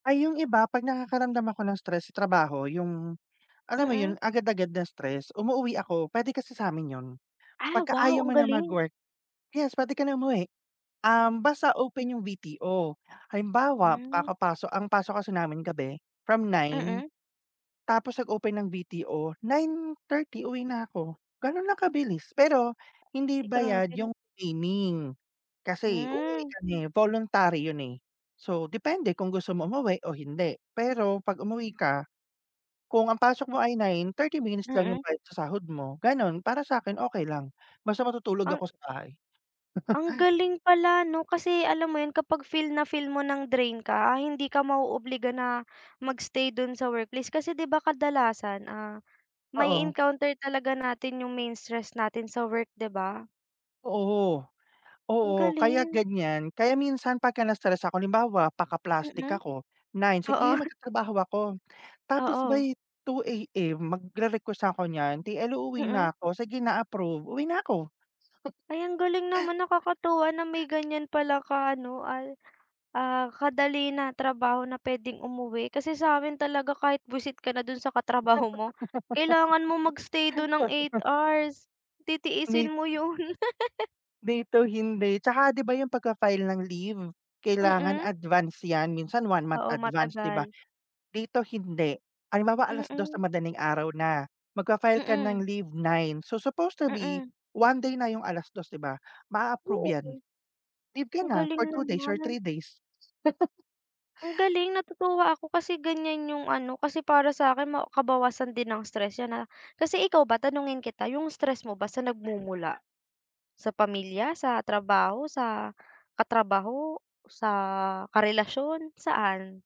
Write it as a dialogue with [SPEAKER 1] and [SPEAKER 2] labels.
[SPEAKER 1] Ay, 'yong iba 'pag nakakaramdam ako ng stress sa trabaho yung, alam mo 'yun
[SPEAKER 2] Mm.
[SPEAKER 1] agad-agad na stress. Umuuwi ako, puwede kasi sa'min 'yon.
[SPEAKER 2] Ah,
[SPEAKER 1] 'Pagka
[SPEAKER 2] wow,
[SPEAKER 1] ayaw mo
[SPEAKER 2] ang
[SPEAKER 1] na
[SPEAKER 2] galing.
[SPEAKER 1] mag-work, yes, puwede ka na umuwi. Um, basta open 'yong VTO. Halimbawa,
[SPEAKER 2] Hmm.
[SPEAKER 1] kakapaso ang pasok kasi namin sa gabi from 9,
[SPEAKER 2] Mm.
[SPEAKER 1] tapos nag-open ng VTO, 9:30 uwi na ako. Gano'n lang kabilis. Pero hindi
[SPEAKER 2] Ay,
[SPEAKER 1] bayad
[SPEAKER 2] grabeng
[SPEAKER 1] yung training, kasi uuwi
[SPEAKER 2] Hmm.
[SPEAKER 1] kami voluntary 'yun, eh. So, depende kung gusto mo umuwi o hindi. Pero 'pag umuwi ka, kung ang pasok mo ay 9, 30 minutes lang
[SPEAKER 2] Mm.
[SPEAKER 1] yung bayad sa sahod mo, gano'n. Para sa'kin okey lang basta matutulog
[SPEAKER 2] Ang
[SPEAKER 1] ako sa bahay.
[SPEAKER 2] Ang galing pala, 'no? Kasi alam mo 'yun, kapag feel na feel mo ng drain ka, hindi ka ma-o-obliga na mag-stay do'n sa workplace kasi 'di ba, kadalasan, ah,
[SPEAKER 1] Oo.
[SPEAKER 2] ma-e-encounter talaga natin yung main stress natin sa work, di ba?
[SPEAKER 1] Oo.
[SPEAKER 2] Ang
[SPEAKER 1] Oo, kaya
[SPEAKER 2] galing.
[SPEAKER 1] ganyan, kaya minsan pagka na-stress ako halimbawa, paka-plastic
[SPEAKER 2] Mm.
[SPEAKER 1] ako, 9:00 "Sige
[SPEAKER 2] Oo.
[SPEAKER 1] magtatrabaho ako." Tapos
[SPEAKER 2] Oo.
[SPEAKER 1] by 2:00 AM magre-request na'ko niyan, "TL, uuwi
[SPEAKER 2] Mm.
[SPEAKER 1] na ako." "Sige na, approve." Uwi na ako.
[SPEAKER 2] Ay, ang galing naman nakakatuwa na may ganyan pala ka ano al ah, kadali na trabaho na puwedeng umuwi. Kasi sa'min talaga kahit bwisit ka na do'n sa katrabaho mo. Kailangan mong mag-stay do'n ng 8 hours, titiisin
[SPEAKER 1] May
[SPEAKER 2] mo 'yun.
[SPEAKER 1] Dito hindi, 'tsaka 'di ba yung pagfa-file ng leave? Kailangan
[SPEAKER 2] Mm.
[SPEAKER 1] advance yan, minsan 1 month
[SPEAKER 2] Oo,
[SPEAKER 1] advance, 'di ba?
[SPEAKER 2] matagal.
[SPEAKER 1] Dito hindi, halimbawa 2:00
[SPEAKER 2] Mm.
[SPEAKER 1] ng madaling araw na. Magfa-file ka
[SPEAKER 2] Mm.
[SPEAKER 1] ng leave 9. So, supposed to be,
[SPEAKER 2] Mm.
[SPEAKER 1] one day na yung 2:00, 'di ba? Maa-approve
[SPEAKER 2] Oo.
[SPEAKER 1] yan. Leave
[SPEAKER 2] Ang
[SPEAKER 1] kana
[SPEAKER 2] galing
[SPEAKER 1] for 2 days or
[SPEAKER 2] naman.
[SPEAKER 1] 3 days.
[SPEAKER 2] Ang galing natutuwa ako kasi ganyan yung ano. Kasi para sa'kin ma kabawasan din ng stress yan, ah. Kasi ikaw ba tanungin kita yung stress mo ba san nagmumula? Sa pamilya, sa trabaho, sa katrabaho, sa karelasyon? Saan?